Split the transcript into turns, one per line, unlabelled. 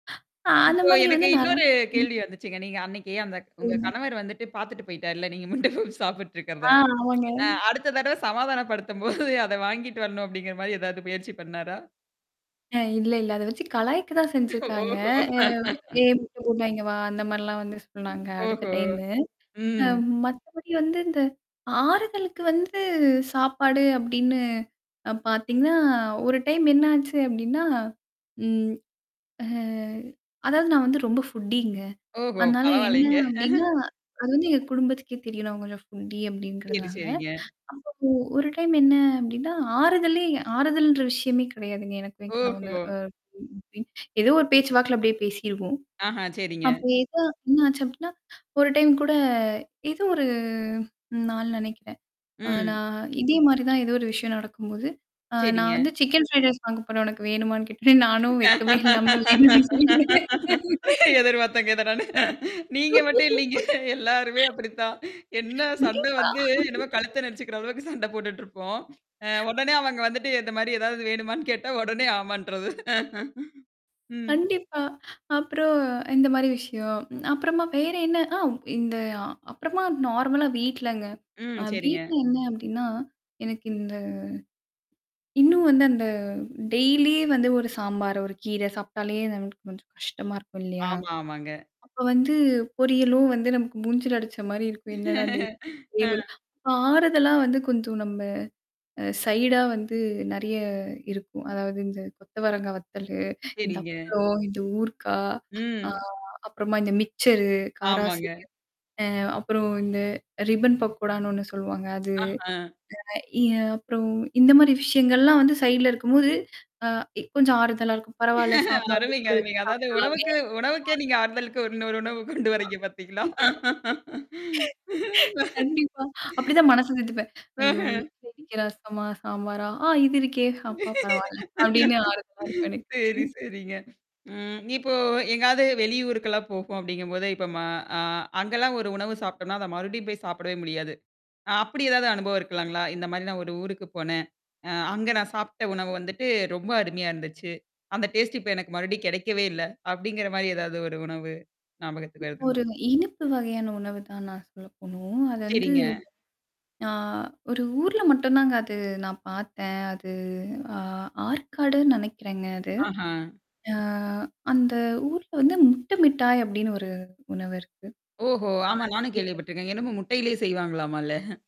அ அந்த
இப்போ
மாதிரி
எனக்கு
வந்து நெ
இன்னொரு
ம்.
கேள்வி வந்துச்சுங்க. நீங்க அன்னைக்கு அந்தக் உங்க
சொல்லுங்க.
கணவர் வந்துட்டு பாத்துட்டு போய்ட்டார் இல்ல. நீங்க முட்ட பப்ஸ் சாப்பிட்டுட்டு இருக்கிறத.
ஆ ஆமாங்க.
அ அடுத்த தடவ சமாதானப்படுத்தும்போது அத வாங்கிட்டு வரணும் அப்படிங்கிற மாரி ஏதாவது முயற்சி பண்ணாரா?
அ இல்ல, இல்ல. அத வெச்சு கலாய்க்க தான் செஞ்சிருக்காங்க.
ஓஹோ!
அ ஏய்! [unintelligible] இங்க வா, அந்த மாரிலாம் வந்து சொன்னாங்க அடுத்த
ஓஹோ!
டைமு. அ
ம்.
மத்தபடி வந்து, இந்த ஆறுதலுக்கு வந்து சாப்பாடு அப்படின்னு அ பார்த்தீங்கன்னா, ஒரு டைம் என்னாச்சு அப்படின்னா, ம் ஹ அதாவது நான் வந்து ரொம்ப ஃபுட்டிங்க.
ஓஹோ!
அதனால என்ன
பரவால்லைங்க.
அப்படின்னா, அது வந்து எங்க குடும்பத்துக்கே தெரியும் நான் கொஞ்சம் ஃபுட்டி
சரி,
அப்படின்றதுனால.
சரிங்க.
அப்போ ஒரு டைம் என்ன அப்படின்னா, ஆறுதலே ஆறுதல்ன்ற விஷயமே கிடையாதுங்க, எனக்கும் என் கணவனு
ஓஹோ!
அ [unintelligible] ஏதோ ஒரு பேச்சு வாக்குல அப்படியே பேசிருவோம்.
ஆஹா, சரிங்க.
அப்ப ஏதோ என்ன ஆச்சு அப்படின்னா, ஒரு டைம் கூட, ஏதோ ஒரு நாள் நெனைக்கிறேன். அ
ம்.
நான் இதே மாரி தான் ஏதோ ஒரு விஷயம் நடக்கும்போது, அ நான்
சரிங்க.
வந்து சிக்கன் ஃப்ரைட் ரைஸ் வாங்க போறேன் உனக்கு வேணுமான்னு கேட்டார். நானும் வெக்கமே இல்லாம, வேணும்ன்னே சொல்லிட்டேன். [unintelligible]
எதிர் பார்த்தேங்க, இத நானு. நீங்க மட்டும் இல்லீங்க. எல்லாருமே அப்படித்தான். என்ன சண்ட
கண்டிப்பா.
வந்து, என்னமோ கழுத்த நெருச்சுக்கிற அளவுக்கு சண்ட போட்டுட்டு இருப்போம். அ உடனே அவங்க வந்துட்டு, இந்த மாரி ஏதாவது வேணுமான்னு கேட்டா, உடனே ஆமான்ட்டர்றது. ம்.
கண்டிப்பா. அப்பறம், இந்த மாரி விஷயம். அப்பறமா வேற என்ன? ஆ இந்த அப்பறமா நார்மலா வீட்லங்க. அ
ம். சரிங்க.
வீட்ல என்ன அப்படின்னா, எனக்கு இந்த இன்னும் வந்து, அந்த டெய்லி வந்து ஒரு சாம்பார், ஒரு கீரை சாப்பிட்டாலே நமக்கு கொஞ்சம் கஷ்டமா இருக்கும் இல்லையா?
ஆமா, ஆமாங்க.
அப்ப வந்து பொரியலும் வந்து நமக்கு மூஞ்சில அடிச்ச மாரி இருக்கும். என்னடா டெய்லி
அ.
ஆறுதலா வந்து கொஞ்சம் நம்ம அ சைடா வந்து நெறைய இருக்கும். அதாவது இந்த கொத்த வரங்கா வத்தலு, இந்த
சரிங்க.
அப்பளம், இந்த ஊர்க்காய், ஆ
ம்.
அப்புறமா இந்த மிக்சரு,
ஆமாங்க.
காராசேவு, அ அப்புறம் இந்த ரிபன் பக்கோடான்னு ஒண்ணு சொல்லுவாங்க அது,
ஆஹ!
அ இ அப்புறம் இந்த மாரி விஷயங்கள்லாம் வந்து சைட்ல இருக்கும்போது, அ கொஞ்சம் ஆறுதலா இருக்கும். பரவால்ல, சாம்பார்க்கு
அருமைங்க,
கூட வெச்சு
அருமைங்க. அதாவது
சாப்பிடலாமே.
உணவுக்கு உணவுக்கே
அ
நீங்க ஆறுதலுக்கு இன்னொரு உணவு கொண்டு
[unintelligible]
வர்றீங்க பாத்தீங்களா?
கண்டிப்பா. அப்படித்தான் மனச தேத்திப்பேன். ஐயோ!
ம்ஹ்ம்.
இன்னைக்கு ரசமா, சாம்பாரா! ஆ இது இருக்கே! அப்பா பரவால்ல. அப்படின்னு ஆறுதலா இருக்கும் எனக்கு.
சரி, சரிங்க. ம். இப்போ எங்காவது வெளி ஊருக்கெல்லாம் போறோம் அப்படிங்கும்போது, இப்ப ம அ அங்கல்லாம் ஒரு உணவு சாப்பிடோம்ன்னா, அத மறுபடியும் போய் சாப்பிடவே முடியாது. அ அப்படி ஏதாவது அனுபவம் இருக்கலாங்களா? இந்த மாரி நான் ஒரு ஊருக்கு போனேன். அ அங்க நான் சாப்பிட்ட உணவு வந்துட்டு ரொம்ப அருமையா இருந்துச்சு. அந்த டேஸ்ட் இப்ப எனக்கு மறுபடியும் கெடைக்கவே இல்ல. அப்படிங்கிற மாரி ஏதாவது ஒரு உணவு ஞாபகத்துல இருக்குங்களா?
ஒரு இனிப்பு வகையான உணவு தான் நான் சொல்ல போணும். அது வந்து
சரிங்க.
அ ஒரு ஊர்ல மட்டும் தாங்க, அது நான் பாத்தேன். அது அ ஆற்காடுன்னு நெனைக்கிறேங்க அது.
ஆஹா!
அ அந்த ஊர்ல வந்து "முட்டை மிட்டாய்" அப்படின்னு ஒரு உணவு இருக்கு.
ஓஹோ!
ஆ
ஆமா, நானும்
ஸ்வீட்டு.
கேள்விப்பட்டுருக்கேன். என்னமோ முட்டையிலேயே செய்வாங்களாம்ல?